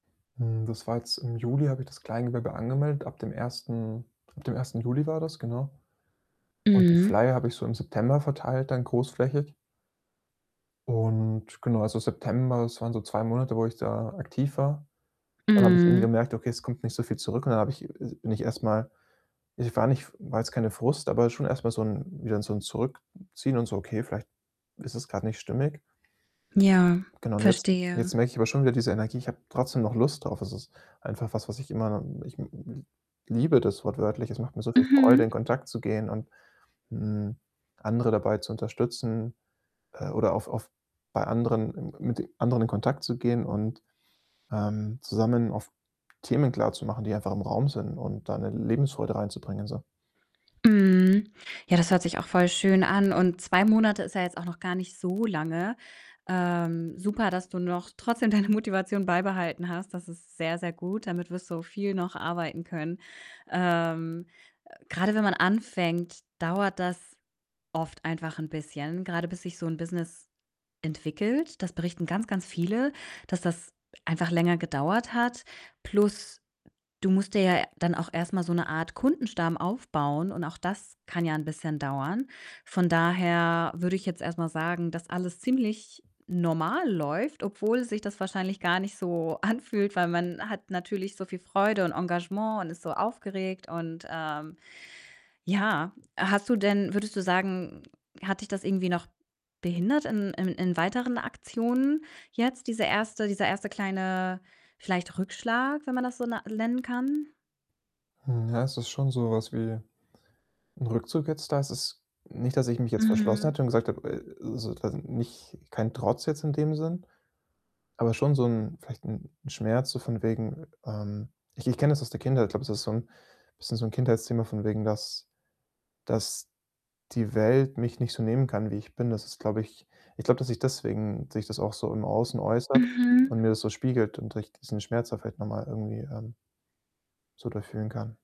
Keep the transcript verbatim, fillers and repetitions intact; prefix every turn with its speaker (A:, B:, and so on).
A: Hm, das war jetzt im Juli habe ich das Kleingewerbe angemeldet. Ab dem ersten ab dem ersten Juli war das, genau und die
B: Mhm.
A: Flyer habe ich so im September verteilt, dann großflächig und genau, also, September, das waren so zwei Monate, wo ich da aktiv war. Dann habe ich eben
B: Mhm.
A: gemerkt: „Okay, es kommt nicht so viel zurück.“, und dann habe ich es bin ich erst mal ich war nicht war jetzt keine Frust, aber schon erst mal so 'n wieder so 'n Zurückziehen und so: „Okay, vielleicht ist es grad nicht stimmig.“
B: Ja,
A: Genau und jetzt
B: verstehe.
A: jetzt merke ich aber schon wieder diese Energie. Ich habe trotzdem noch Lust drauf. Es ist einfach was, was ich immer ich m m l liebe das wortwörtlich. Es macht mir so viel Freude, in
B: Mhm.
A: Kontakt zu gehen und, hm, andere dabei zu unterstützen, äh, oder auf auf bei anderen m mit anderen in Kontakt zu gehen und, ähm, zusammen auf Themen klarzumachen, die einfach im Raum sind und da 'ne Lebensfreude reinzubringen, so.
B: Mhm. Ja, das hört sich auch voll schön an und zwei Monate ist ja jetzt auch noch gar nicht so lange. Ähm, super, dass du noch trotzdem deine Motivation beibehalten hast. Das ist sehr, sehr gut. Damit wirst du viel noch arbeiten können. Ähm, grade wenn man anfängt, dauert das oft einfach 'n bisschen, grade bis sich so 'n Business entwickelt. Das berichten ganz, ganz viele, dass das einfach länger gedauert hat. Plus du musst dir ja dann auch erst mal so 'ne Art Kundenstamm aufbauen und auch das kann ja 'n bisschen dauern. Von daher würde ich jetzt erst mal sagen, dass alles ziemlich normal läuft, obwohl sich das wahrscheinlich gar nicht so anfühlt, weil man hat natürlich so viel Freude und Engagement und ist so aufgeregt und, ähm ja. Hast du denn würdest du sagen, hat dich das irgendwie noch behindert in in in weiteren Aktionen jetzt, diese erste dieser erste kleine, vielleicht, Rückschlag, wenn man das so na lennen kann?
A: Hm, ja, es ist schon so was wie 'n Rückzug jetzt da. Es ist nicht, dass ich mich jetzt verschlossen
B: Mhm.
A: hätte und gesagt habe äh, so quasi nicht kein Trotz jetzt in dem Sinn, aber schon so 'n vielleicht 'n 'n Schmerz so von wegen, ähm ich ich kenne das aus der Kindheit. Ich glaube, es ist so 'n bisschen so 'n Kindheitsthema von wegen, dass dass die Welt mich nicht so nehmen kann, wie ich bin. Das ist, glaube ich ich glaube, dass sich deswegen sich das auch so im Außen äußert und
B: Mhm.
A: mir das so spiegelt und ich diesen Schmerz da vielleicht noch mal irgendwie, ähm so durch fühlen kann.